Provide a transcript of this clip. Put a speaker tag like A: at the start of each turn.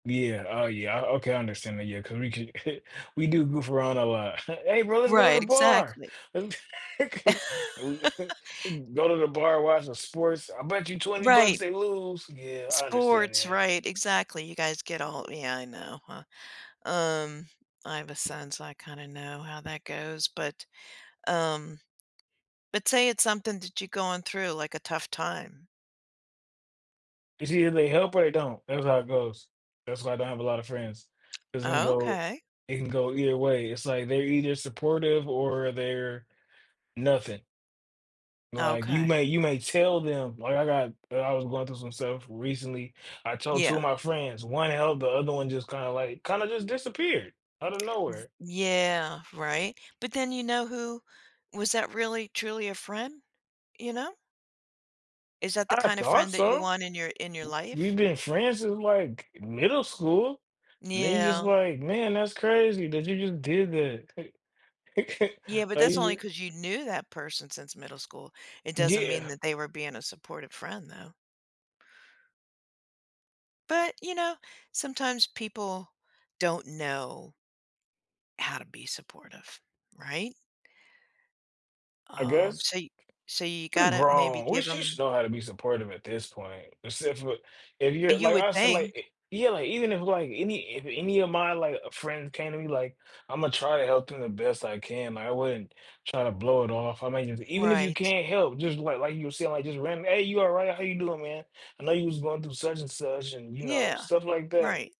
A: Yeah, oh yeah, o okay, I understand that, yeah, 'cause we can, we do goof around a lot. "Hey, bro, let's go to the
B: Right,
A: bar."
B: exactly.
A: Go to the bar, watch the sports. "I bet you 20 bucks
B: Right.
A: they lose." Yeah, I understand
B: Sports,
A: that.
B: right. Exactly. You guys get all, yeah, I know, huh, um, I have a son, so I kinda know how that goes, but, um, but say it's something that you're going through like a tough time.
A: It's either they help or they don't, that's how it goes. That's why I don't have a lot of friends, 'cause it can go
B: Okay.
A: it can go either way. It's like they're either supportive or they're nothing. Like you
B: Okay.
A: may you may tell them, like I got I was going through some stuff recently. I told two of
B: Yeah.
A: my friends, one held, the other one just kinda like, kinda just disappeared out of
B: V
A: nowhere.
B: Yeah, right, but then you know who was that really truly a friend, you know? Is that the
A: I
B: kind of
A: thought
B: friend that you
A: so.
B: want in your in your
A: W we've
B: life?
A: been friends since like middle school, and then you're just
B: Yeah.
A: like, "Man, that's crazy that you just did that."
B: Yeah, but
A: Like
B: that's
A: you
B: only
A: just
B: because you knew that person since middle school. It
A: G
B: doesn't mean
A: yeah.
B: that they were being a supportive friend though. But you know, sometimes people don't know how to be supportive, right?
A: I
B: Um,
A: guess.
B: so y so you
A: We're
B: gotta maybe
A: grown. We
B: give
A: sh should
B: him
A: know how to be supportive at this point, except for, if you're
B: You
A: like
B: would
A: I said, like, i
B: think.
A: yeah, like even if like any if any of my like, uh, friends came to me like, "Imma try to help them the best I can." I wouldn't try to blow it off. I mean it's, even if you
B: Right.
A: can't help, just like like you were saying, like just random, "Hey, you all right, how are you doing, man? I know you was going through such and such," and you know,
B: Yeah,
A: stuff like
B: right.
A: that.